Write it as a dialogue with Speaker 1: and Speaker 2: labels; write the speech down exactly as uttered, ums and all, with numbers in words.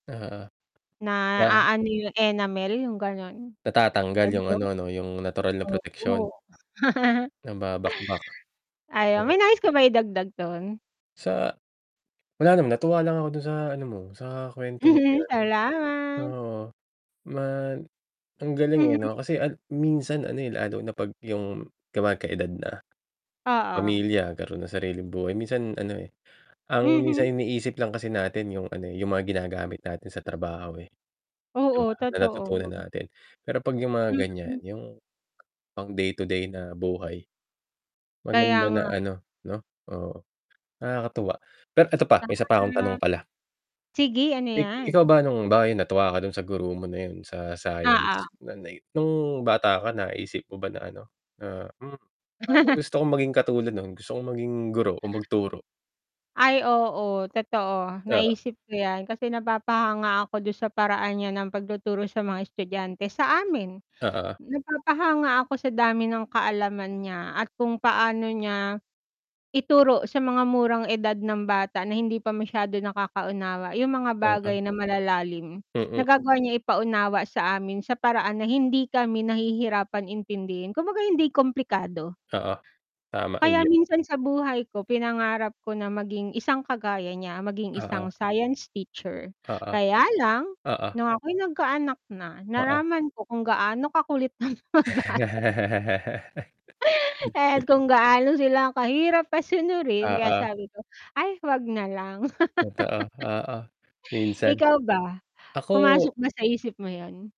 Speaker 1: Ah.
Speaker 2: Na
Speaker 1: Ah
Speaker 2: aano yung enamel yung gano'n.
Speaker 1: Natatanggal yung
Speaker 2: [unintelligible]
Speaker 1: ano 'no yung natural na proteksyon.
Speaker 2: Oo.
Speaker 1: Nababakbak.
Speaker 2: Ayun, may
Speaker 1: Hmm.
Speaker 2: nais ka ba idagdag dun?
Speaker 1: Sa wala naman natuwa lang ako dun sa ano mo, sa kwento mo na 'yun.
Speaker 2: Salamat.
Speaker 1: Oo, ma ang galing
Speaker 2: Mhm.
Speaker 1: eh 'no, kasi al minsan ano, eh, lalo na 'pag yung 'di ba nagka edad na,
Speaker 2: Oo.
Speaker 1: pamilya, nagkaron ng sariling buhay. Minsan ano, eh, ang
Speaker 2: Mhm.
Speaker 1: minsan iniisip lang kasi natin yung ano, eh, yung mga ginagamit natin sa trabaho, eh, 'di ba
Speaker 2: Oo,
Speaker 1: na
Speaker 2: totoo.
Speaker 1: natutunan natin. Pero 'pag yung mga ganyan
Speaker 2: Mm.
Speaker 1: yung, pang day-to-day na buhay.
Speaker 2: Kaya
Speaker 1: Maganda na
Speaker 2: nga eh.
Speaker 1: ano 'no oo, nakakatuwa. Pero eto pa, may isa pa akong tanong
Speaker 2: Tama.
Speaker 1: pala.
Speaker 2: Sige, ano
Speaker 1: Ik
Speaker 2: 'yan?
Speaker 1: ikaw ba nung bakit natuwa ka dun sa guro mo na 'yun sa
Speaker 2: Oo.
Speaker 1: science na ni nung bata ka naisip mo ba na ano na, "Hmm, parang gusto kong maging katulad nun, gusto kong maging guro o magturo."
Speaker 2: Ay oo, totoo,
Speaker 1: Oo.
Speaker 2: naisip ko 'yan kasi napapahanga ako du'n sa paraan niya ng pagtuturo sa mga estudyante sa amin.
Speaker 1: Oo.
Speaker 2: Napapahanga ako sa dami ng kaalaman niya at kung paano niya, ituro sa mga murang edad ng bata na hindi pa masyado nakaka-unawa yung mga bagay
Speaker 1: [unintelligible]
Speaker 2: na malalalim,
Speaker 1: Mm.
Speaker 2: nagagawa niya ipaunawa sa amin sa paraan na hindi kami nahihirapan intindihin, kumbaga hindi komplikado.
Speaker 1: Oo. Tama
Speaker 2: Kaya
Speaker 1: [unintelligible]
Speaker 2: minsan sa buhay ko pinangarap ko na maging isang kagaya niya, maging
Speaker 1: Oo.
Speaker 2: isang science teacher.
Speaker 1: Oo.
Speaker 2: Kaya lang
Speaker 1: Oo.
Speaker 2: nung ako'y nagkaanak na,
Speaker 1: Oo.
Speaker 2: naraman ko kung gaano kakulit ang mga bata. Et kung gaano sila ang kahirap pasunurin kaya
Speaker 1: Oo.
Speaker 2: sabi ko, "Ay 'wag na lang."
Speaker 1: Totoo, oo. Minsan.
Speaker 2: Ikaw ba?
Speaker 1: Ako
Speaker 2: Pumasok ba sa isip mo 'yun?